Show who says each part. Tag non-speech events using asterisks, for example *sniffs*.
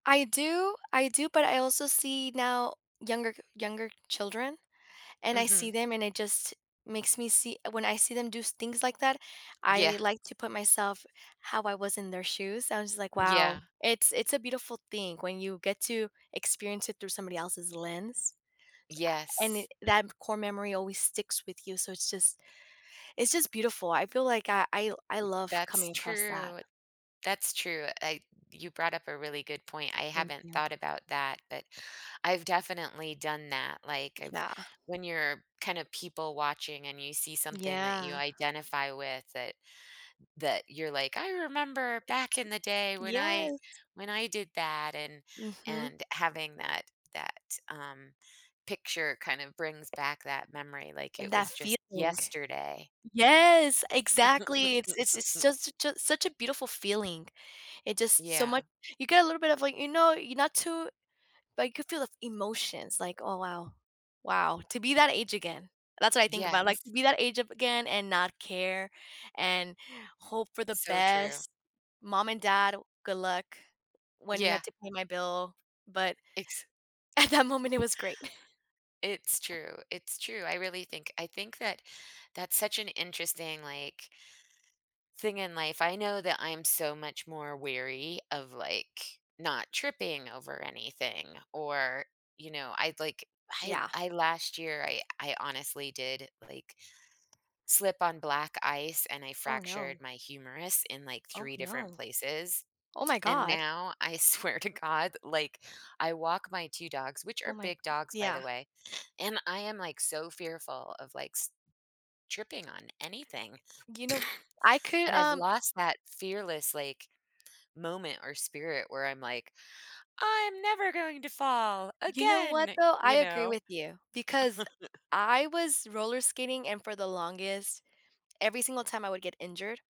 Speaker 1: I do. I do, but I also see now younger g younger children, and I see
Speaker 2: Mhm.
Speaker 1: them, and it just makes me see when I see them do s things like that,
Speaker 2: Yeah.
Speaker 1: I like to put myself how I was in their shoes, I was just, like,
Speaker 2: Yeah.
Speaker 1: "Wow." It's it's a beautiful thing when you get to experience it through somebody else's lens. And it
Speaker 2: Yes.
Speaker 1: that core memory always sticks with you, so it's just it's just beautiful. I feel like I I I love
Speaker 2: That's
Speaker 1: coming across that.
Speaker 2: true. That's true, I you brought up a really good point, I
Speaker 1: Thank
Speaker 2: haven't
Speaker 1: you.
Speaker 2: thought about that, but I've definitely done that, like, I've
Speaker 1: Yeah.
Speaker 2: when you're, kind of, people watching, and you see something that you
Speaker 1: Yeah.
Speaker 2: identify with that that you're, like, "I remember
Speaker 1: It's
Speaker 2: back in the day when I
Speaker 1: yes.
Speaker 2: when I did that," and
Speaker 1: Mhm.
Speaker 2: and having that that, um, picture, kind of brings back that memory like
Speaker 1: And
Speaker 2: it
Speaker 1: that
Speaker 2: was just
Speaker 1: feeling.
Speaker 2: yesterday.
Speaker 1: Yes! Exactly, it's it's it's
Speaker 2: *chuckles*
Speaker 1: just such a such a beautiful feeling. It just so
Speaker 2: Yeah.
Speaker 1: much you get a little bit of, like you know, you're not too like, you could feel the emotions, like, "Oh, wow. Wow, to be that age again." That's what I think about, like,
Speaker 2: Yes.
Speaker 1: be that age a again, and not care, and hope for the
Speaker 2: So true.
Speaker 1: best. "Mom and dad, good luck," when he
Speaker 2: Yeah.
Speaker 1: had to pay my bill, but
Speaker 2: Ex
Speaker 1: at that moment, it was great.
Speaker 2: It's
Speaker 1: *chuckles*
Speaker 2: true, it's true. I really think I think that that's such an interesting, like thing in life. I know that I'm so much more wary of, like, not tripping over anything, or, you know, I'd like I
Speaker 1: Yeah.
Speaker 2: I last year, I I honestly did, like, slip on black ice, and I
Speaker 1: Oh,
Speaker 2: fractured
Speaker 1: no.
Speaker 2: my humerus in, like,
Speaker 1: Oh,
Speaker 2: 3 different
Speaker 1: no.
Speaker 2: places,
Speaker 1: Oh, my
Speaker 2: and
Speaker 1: god.
Speaker 2: now, I, swear to God, like, I walk my 2 dogs- which
Speaker 1: Oh,
Speaker 2: are
Speaker 1: my g
Speaker 2: big dogs, by
Speaker 1: yeah.
Speaker 2: the way- *sniffs* and I am, like, so fearful of, like, s tripping on anything.
Speaker 1: You know, I
Speaker 2: *sneezes*
Speaker 1: could,
Speaker 2: And I've
Speaker 1: um
Speaker 2: lost that fearless, like, moment, or spirit, where I'm like, "I'm never going to fall
Speaker 1: You know what,
Speaker 2: again."
Speaker 1: though? I
Speaker 2: You
Speaker 1: agree
Speaker 2: know?
Speaker 1: with you, because
Speaker 2: *chuckles*
Speaker 1: I was roller skating, and for the longest every single time, I would get injured